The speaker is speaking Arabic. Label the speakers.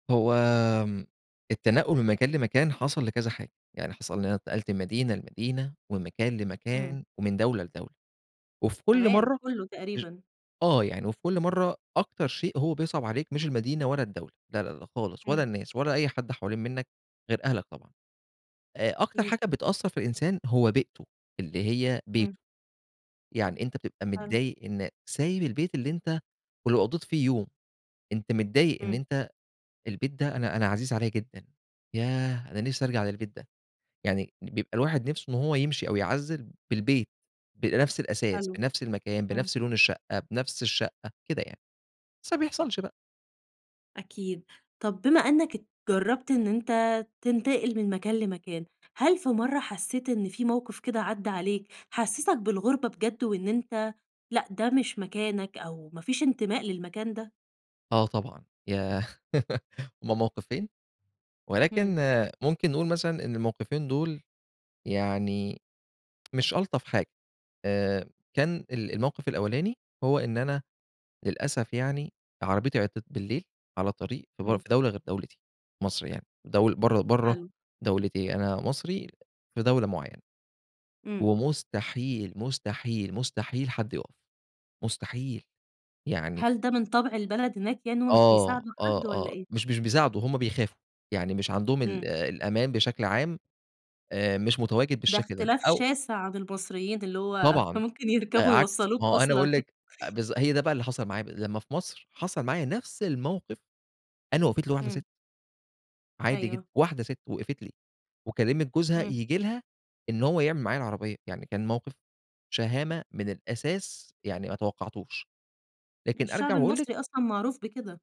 Speaker 1: هو آمم، التنقّل من مكان لمكان حصل لكذا حاجة، يعني حصل إن أنا اتنقلت من مدينة لمدينة، ومن مكان
Speaker 2: إمم.
Speaker 1: لمكان، ومن دولة لدولة، وفي كُلّ
Speaker 2: كمان!
Speaker 1: مَرّة
Speaker 2: كُلّه
Speaker 1: ار
Speaker 2: تقريبًا.
Speaker 1: آه يعني وفي كُلّ مَرّة أكتر شيء هو بيصعَب عليك مش المدينة ولا الدولة، لا لا لا خالص، ولا
Speaker 2: إمم.
Speaker 1: الناس ولا أي حد حوالين منك غير أهلك طبعًا، آآ، أكتر
Speaker 2: أكيد.
Speaker 1: حاجة بتأثر في الإنسان هو بيئته اللي هي
Speaker 2: إمم.
Speaker 1: بيته، يعني أنت بتبقى
Speaker 2: حلو.
Speaker 1: متضايق إن سايب البيت اللي أنت- ولو قضّيت فيه يوم- أنت متضايق إن
Speaker 2: إمم.
Speaker 1: أنت البيت ده أنا أنا عزيز عليَّ جدًا، ياه أنا نِفسي أرجع للبيت ده، يعني بيبقى الواحد نِفسه إن هو يمشي أو يعزّل بالبيت، بنَفس الأثاث
Speaker 2: حلو،
Speaker 1: بنَفس المكان
Speaker 2: إمم.
Speaker 1: بنَفس لون الشقة بنَفس الشقة كده يعني، بس ما بيحصلش بقى.
Speaker 2: أكيد، طَب بما إنك ات جرّبت إن أنت تنتقل من مكان لمكان، هل في مَرّة حسّيت إن في موقِف كده عدّى عليك حسّسك بالغُربة بجد وإن أنت لأ ده مش مكانك أو ما فيش انتماء للمكان ده؟
Speaker 1: آه طبعًا، ياه هُم موقِفين، ولكن
Speaker 2: إمم.
Speaker 1: ممكن نقول مثلًا إن الموقِفين دول يعني مش ألطف حاجة، آآ، كان ال الموقِف الأولاني هو إن أنا- للأسف يعني- عربيتي عطلت بالليل على طريق في بر
Speaker 2: إمم.
Speaker 1: في دولة غير دولتي- مصر يعني- دول برّا برّا
Speaker 2: حلو.
Speaker 1: دولتي، أنا مصري في دولة معيّنة،
Speaker 2: إمم.
Speaker 1: ومستحيل، مستحيل، مستحيل، حد يقف، مستحيل، يعني
Speaker 2: هل ده من طَبْع البلد هناك يعني هُم مش
Speaker 1: آه
Speaker 2: بيساعدوا
Speaker 1: ،آه،
Speaker 2: حد
Speaker 1: آه،
Speaker 2: والّا إيه؟
Speaker 1: مش مش بيساعدوا، هُم بيخافوا، يعني مش عندهم ال
Speaker 2: إمم.
Speaker 1: الأمان بشكل عام آآ، مش متواجد
Speaker 2: ده
Speaker 1: بالشكل ده
Speaker 2: اختلاف
Speaker 1: أو
Speaker 2: شاسع عن المصريين، اللي هو
Speaker 1: طبعًا،
Speaker 2: ممكن يركبوا
Speaker 1: عكس ما
Speaker 2: يوصلوك
Speaker 1: هو أنا
Speaker 2: أصلًا.
Speaker 1: باقول لِك أ بالض هي ده بقى اللي حصل معايا ب لمّا في مصر حصل معايا نَفس الموقِف، أنا وقفت لي واحدة
Speaker 2: إمم.
Speaker 1: سِت. عادي جدًا،
Speaker 2: أيوه.
Speaker 1: واحدة سِت وقفت لي، وكلمت جوزها
Speaker 2: إمم.
Speaker 1: ييجي لها إن هو يعمِل معايا العربية، يعني كان موقِف شهامة من الأساس يعني ما توقعتوش. لكن أرجع
Speaker 2: الشعب
Speaker 1: وأقول
Speaker 2: المصري
Speaker 1: لِك
Speaker 2: أصلًا معروف بكده.